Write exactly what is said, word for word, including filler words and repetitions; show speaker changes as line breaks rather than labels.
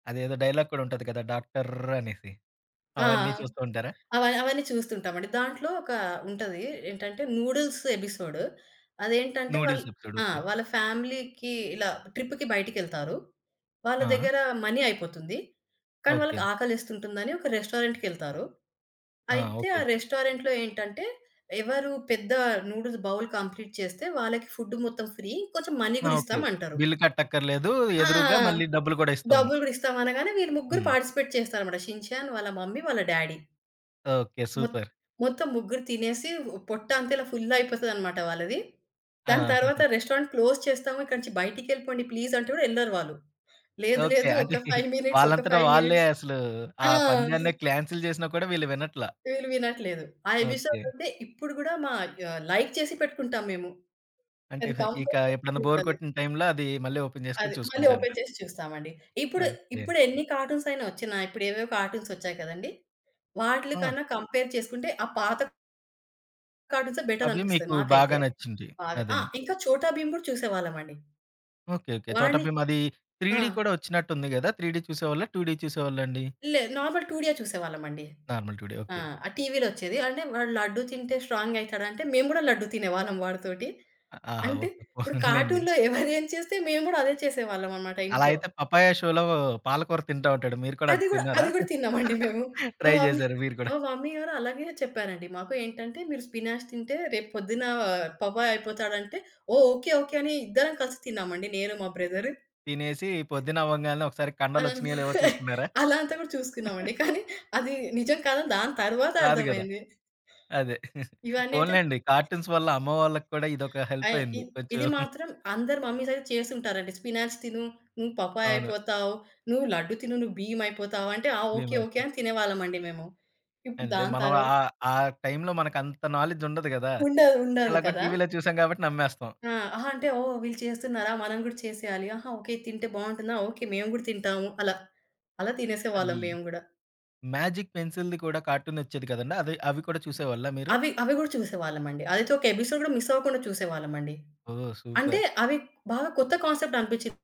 అదేదో డైలాగ్ కూడా ఉంటది కదా? డాక్టర్ అనేసి
ఆ!
అవన్నీ చూస్తూ ఉంటారా?
అవ అవన్నీ చూస్తుంటామండి. దాంట్లో ఒక ఉంటది. ఏంటంటే నూడిల్స్ ఎపిసోడ్. అదేంటంటే వాళ్ళు
నూడిల్స్ ఎపిసోడ్
ఆ!
ఓకే.
వాళ్ళ ఫ్యామిలీకి ఇలా ట్రిప్‌కి బయటికెళ్తారు. వాళ్ళ
ఆ!
దగ్గర మనీ అయిపోతుంది. కానీ
ఓకే.
వాళ్ళకి ఆకలేస్తుంటుందని ఒక రెస్టారెంటుకెళ్తారు.
ఆ!
అయితే
ఓకే.
ఆ
ఓకే.
రెస్టారెంటులో ఏంటంటే ఎవరు పెద్ద నూడిల్స్ బౌల్ కంప్లీట్ చేస్తే వాళ్ళకి ఫుడ్ మొత్తం ఫ్రీ. కొంచెం మనీ
ఆ!
గూడా
ఓకే.
ఇస్తాం అంటారు.
బిల్ కట్టక్కర్లేదు.
ఆ!
ఎదురుగా మళ్ళీ డబ్బులు కూడా ఇస్తాము.
డబ్బులు గూడిస్తాం అనగానే వీళ్ళు ముగ్గురు
హ్మ్.
పార్టిసిపేట్ చేస్తారన్నమాట షిన్ చాన్, వాళ్ళ మమ్మీ, వాళ్ళ డ్యాడీ.
ఓకే.
మొత్
సూపర్!
మొత్తం ముగ్గురు తినేసి పొట్ట అంత ఇలా ఫుల్ అయిపోతదన్నమాట వాళ్ళది. దాని
ఆ!
తరువాత రెస్టారెంట్ క్లోజ్ చేస్తాము. ఇక్కడి నుంచి బయటికెళ్ళిపొండి ప్లీజ్ అంటే కూడా యెళ్లరు వాళ్ళు. లేదు,
ఓకే.
లేదు
అంటే
ఒక ఫైవ్ మినిట్స్, ఒక
వాళ్ళంతట
ఫైవ్
వాళ్ళే
మినిట్స్
అసలు ఆ
ఆ!
పందాన్ని కాన్సెల్ చేసినా కూడా వీళ్ళు వినట్లే.
వీళ్ళు వినట్లేదు. ఆ ఎపిసోడ్
ఓకే.
అంటే ఇప్పుడు గూడా మ ఆహ్, లైక్ చేసి పెట్టుకుంటాం మేము.
అంటే
అది
ఇక
కంపల్సరీ
ఎప్పుడైనా
చూస్తా
బోర్
నేను.
కొట్టిన టైమ్‌లో అది మళ్ళీ ఓపెన్
అది
జేసుకొని
మళ్ళీ
చూసుకుంటా
ఓపెన్
ఉంటారు.
చేసి చూస్తామండి. ఇప్పుడు,
ఓకే.
ఇప్పుడెన్ని కార్టూన్స్ అయినా ఒచ్చినా ఇప్పుడేవేవో కార్టూన్స్ ఒచ్చాయి కదండీ!
ఆ!
వాటిలకన్నా కంపేర్ చేసుకుంటే ఆ పాత కార్టూన్సే
అవి
బెటరనిపిస్తది
మీకు బాగా
మాకైతే.
నచ్చింది.
బాగా ఆ!
అదండీ.
ఇంకా 'చోటా భీమ్' కూడా చూసేవాళ్ళమండి.
ఓకే. ఓకే. చోట
వాడిని
భీమ్ అది
ఆ!
త్రీడి కూడా ఒచ్చినట్టు ఉంది గదా! త్రీడి చూసేవాళ్ళా? టుడి చూసేవాళ్ళండి?
లేదు. నార్మల్ టుడియే చూసేవాళ్ళమండి.
Normal two D.
ఆ!
ఓకే.
ఆ టీవీలో ఒచ్చేది. అంటే వాడు లడ్డు తింటే స్ట్రాంగ్ అయితడంటే మేము గూడా లడ్డు తినేవాళ్ళం వాడితోటి.
ఆహా!
అంటే
ఓకే.
ఇప్పుడు
పోన్లెండి.
కార్టూన్‌లో ఎవరేం చేస్తే మేము గూడా అదే చేసేవాళ్ళమన్నమాట
అలా
ఇంట్లో.
అయితే పపాయ షోలో పాలకూర తింటా ఉంటాడు. మీరు కూడా
అది
అది
గూడా,
తిన్నారా?
అది గూడా తిన్నామండి మేము. మా
ట్రై
మమ్మీ
చేసారు మీరు కూడా.
మా మమ్మీగారలాగే చెప్పారండి మాకు. ఏంటంటే మీరు స్పినాచ్ తింటే రేపు పొద్దున పపాయ్ అయిపోతాడంటే ఓహ్! ఓకే. ఓకే. అని ఇద్దరం కలిసి తిన్నామండి నేను మా బ్రదరు.
తినేసి పొద్దున్నవ్వగాల్నే ఒకసారి కండలొచ్చినయో లేవో చూసుకున్నారా?
అలా అంతా కూడా చూసుకున్నామండి. కానీ అది నిజం కాదని దాని తరువాత
రాదు కదా!
అర్థమయింది.
అదే.
ఇవన్నీ అయితే
పోన్లెండి. కార్టూన్స్ వల్ల అమ్మ వాళ్ళకి కూడా ఇదొక
ఆ!
హెల్పయింది.
ఇద్
కొంచెం
ఇది మాత్రం అందరు మమ్మీసయితే చేసుంటారండి. స్పినాచ్ తిను నువ్వు పపాయ్
అవును.
అయిపోతావు. నువ్వు లడ్డు తిను నువ్వు భీమ్ అయిపోతావు. అంటే ఆ! ఓకే. ఓకే.
[unintelligible]
అని తినేవాళ్ళమండి మేము. ఇప్పుడు
అంటే
దాని
మనం
తరువాత
ఆహ్, ఆ టైమ్‌లో మనకంత నాలెడ్జ్ ఉండదు గదా!
ఉండదు. ఉండదు
ఎలాగో
కదా!
టీవీలో చూసాం కాబట్టి నమ్మేస్తాం.
ఆ! ఆహా! అంటే ఓహ్! వీళ్ళు చేస్తున్నారా? మనం గూడా చేసేయాలి. ఆహా! ఓకే. ఇది తింటే బాగుంటుందా? ఓకే. మేము గూడా తింటాము. అలా, అలా
అది.
తినేసేవాళ్ళం మేము గూడా.
మ్యాజిక్ పెన్సిల్‌ది కూడా కార్టూన్ ఒచ్చేది కదండీ! అది అవి కూడా చూసేవాళ్ళా మీరు?
అవి, అవి గూడా చూసేవాళ్ళం అండి. అదైతే ఒక ఎపిసోడ్ గూడా మిసవ్వకుండా చూసేవాళ్ళం అండి.
ఓహ్!
అంటే
సూపర్.
అవి బాగా కొత్త కాన్సెప్ట్ అనిపించింది.